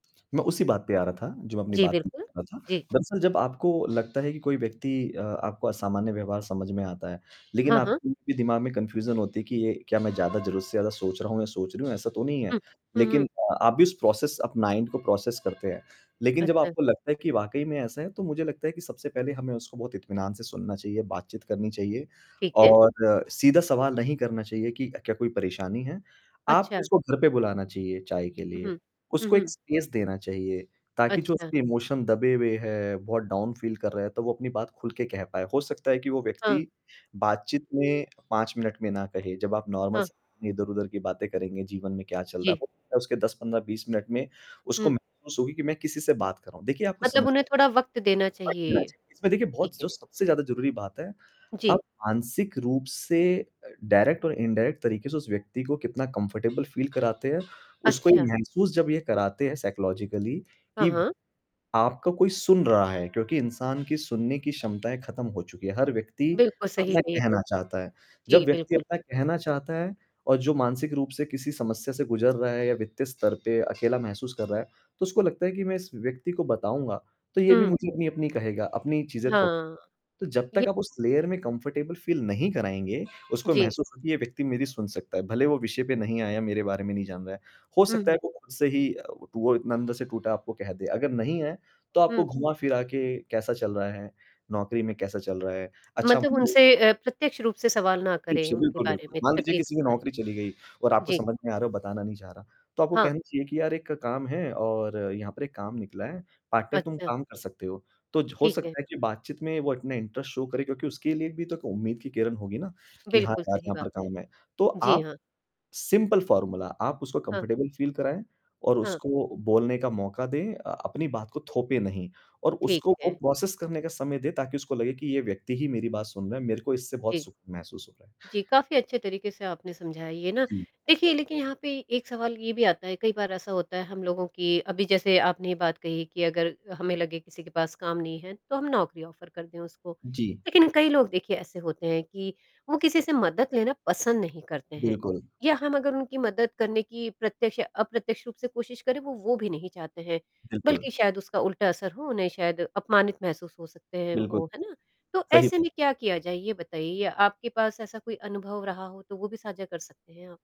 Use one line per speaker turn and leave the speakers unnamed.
मैं उसी बात पे आ रहा था जो अपनी
जी,
बात मैं
बिल्कुल,
बता रहा था।
जी।
दरअसल जब आपको लगता है कि कोई व्यक्ति अ, आपको असामान्य व्यवहार समझ में आता है लेकिन
हाँ,
आप
हाँ।
उनके दिमाग में कन्फ्यूज़न होती है कि ये क्या मैं ज़्यादा ज़रूर से ज़्यादा सोच रहा हूँ अ, मैं सोच रही हूँ, ऐसा तो नहीं है।
हुँ, हुँ, हुँ।
लेकिन अ, आप भी उस प्रोसेस आप माइन्ड को प्रोसेस करते हैं। लेकिन जब
अच्छा।
आपको लगता है कि वाक़ई में ऐसा है तो मुझे लगता है कि सबसे पहले हमें उसको बहुत इत्मीनान से सुनना चाहिए, बात-चीत करनी चाहिए
ठीक है।
और सीधा सवाल नहीं करना चाहिए कि अ, क्या कोई परेशानी है? आप
अच्छा।
उसको घर पे बुलाना चाहिए चाय के
हुँ,
लिए,
हुँ, हुँ,
उसको एक
हुँ।
स्पेस देना चाहिए ताकि जो
अच्छा।
उसकी इमोशन दबे हुए हैं, बहुत डाउन फ़ील कर रहा है तो वो अपनी बात खुल के कह पाए। हो सकता है कि वो
हाँ।
व्यक्ति बात-चीत में 5 मिनट में ना कहे, जब आप नॉर्मल
हाँ।
स अपनी इधर-उधर की बातें करेंगे, जीवन में क्या चल रहा है
जी।
तो हो उसके 10-15, 20 मिनट में उसको
हुँ।
महसूस होगी कि मैं किसी से बात कर रहा हूँ। देखिए आपको
मतलब
समझ
उन्हें थोड़ा वक़्त देना
फेंक देना
चाहिए,
चाहिए। इसमें देखिए
ठीक
बहुत स
है।
जो सबसे ज़्यादा ज़रूरी बात है, अब
जी।
मानसिक रूप से अ, डायरेक्ट और इनडायरेक्ट तरीके से उस व्यक्ति को कितना कम्फ़र्टेबल फ़ील कराते हो, उसको ये
अच्छा।
महसूस जब ये कराते हैं साइकोलॉजिकली
हाँ,
कि
हाँ।
आपका कोई सुन रहा है क्योंकि इंसान की सुनने की क्षमताएँ खत्म हो चुकी हैं, हर व्यक्ति
बिल्कुल सही
अपना
है ये त
कहना चाहता है। जब
जी,
व्यक्ति
बिल्कुल,
अपना
बिल्कुल।
कहना चाहता है और जो मानसिक रूप से किसी समस्या से गुज़र रहा है या वित्तीय स्तर पे अकेला महसूस कर रहा है तो उसको लगता है कि मैं इस व्यक्ति को बताऊँगा तो ये भी
हुँ।
मुझे अपनी-अपनी कहेगा, अपनी चीज़ें थोप
हाँ,
तो जब
ये
तक आप उस लेयर में कंफर्टेबल फ़ील नहीं कराएँगे, उसको
जी।
महसूस हो कि ये व्यक्ति मेरी सुन सकता है। भले ही वो विषय पे नहीं आया, मेरे बारे में नहीं जान रहा, हो
हुँ,
सकता है
हुँ।
वो खुद से ही अ, व टू वो इतना अंदर से टूटा आपको कह दे। अगर नहीं है तो आपको
हुँ।
घुमा-फिरा के, कैसा चल रहा है? नौकरी में कैसा चल रहा है? अच्छा
मतलब
मु एक
उनसे
ओ
अ, प्रत्यक्ष रूप से सवाल ना करें
इछे
उनके
बिल्कुल,
बारे
बिल्कुल,
में,
मान लीजिए
तक़लीफ़
किसी
के
की
बारे
नौकरी चली गई और
में।
आपको
जी।
समझ में आ रहा है बताना नहीं चाह रहा, तो आपको
हाँ।
कहना चाहिए कि यार एक काम है और यहाँ पर एक काम निकला है, पार्ट टाइम तुम
अच्छा।
काम कर सकते हो। तो ज हो
ठीक है।
सकता है कि बात-चीत में वो अपने इंटरेस्ट शो करे क्योंकि उसके लिए भी तो क उम्मीद की किरण होगी ना कि हाँ
बिल्कुल
यार,
सही
यहाँ
बात
पर
है।
काम है। तो
जी
आप
हाँ।
सिंपल फॉर्मूला आप उसको
हाँ।
कंफर्टेबल फील कराएँ और
हाँ।
उसको अ, बोलने का मौका दें। अ अपनी बात को थोपे नहीं और
ठीक
उसको वो
है।
प्रोसेस करने का समय दें ताकि उसको लगे कि ये व्यक्ति ही मेरी बात सुन रहा है, मेरे को इससे बहुत
जी,
सुख महसूस हो रहा है।
जी, काफ़ी अच्छे तरीके से आपने समझाया ये ना।
जी।
देखिए लेकिन यहाँ पे एक सवाल ये भी आता है, कई बार ऐसा होता है हम लोगों की अभी जैसे आपने ये बात कही कि अगर हमें लगे किसी के पास काम नहीं है तो हम नौकरी ऑफर कर दें उसको।
जी।
लेकिन कई लोग देखिए ऐसे होते हैं कि वो किसी से मदद लेना पसंद नहीं करते हैं
बिल्कुल।
या हम अगर उनकी मदद करने की प्रत्यक्ष या अप्रत्यक्ष रूप से कोशिश करें वो, वो भी नहीं चाहते हैं।
बिल्कुल।
बल्कि शायद उसका उल्टा असर हो, उन्हें शायद अपमानित महसूस हो सकते हैं
बिल्कुल,
वो। है ना? तो
सही
ऐसे
बात।
में क्या किया जाए ये बताइए? या आपके पास ऐसा कोई अनुभव रहा हो तो वो भी साझा कर सकते हैं आप।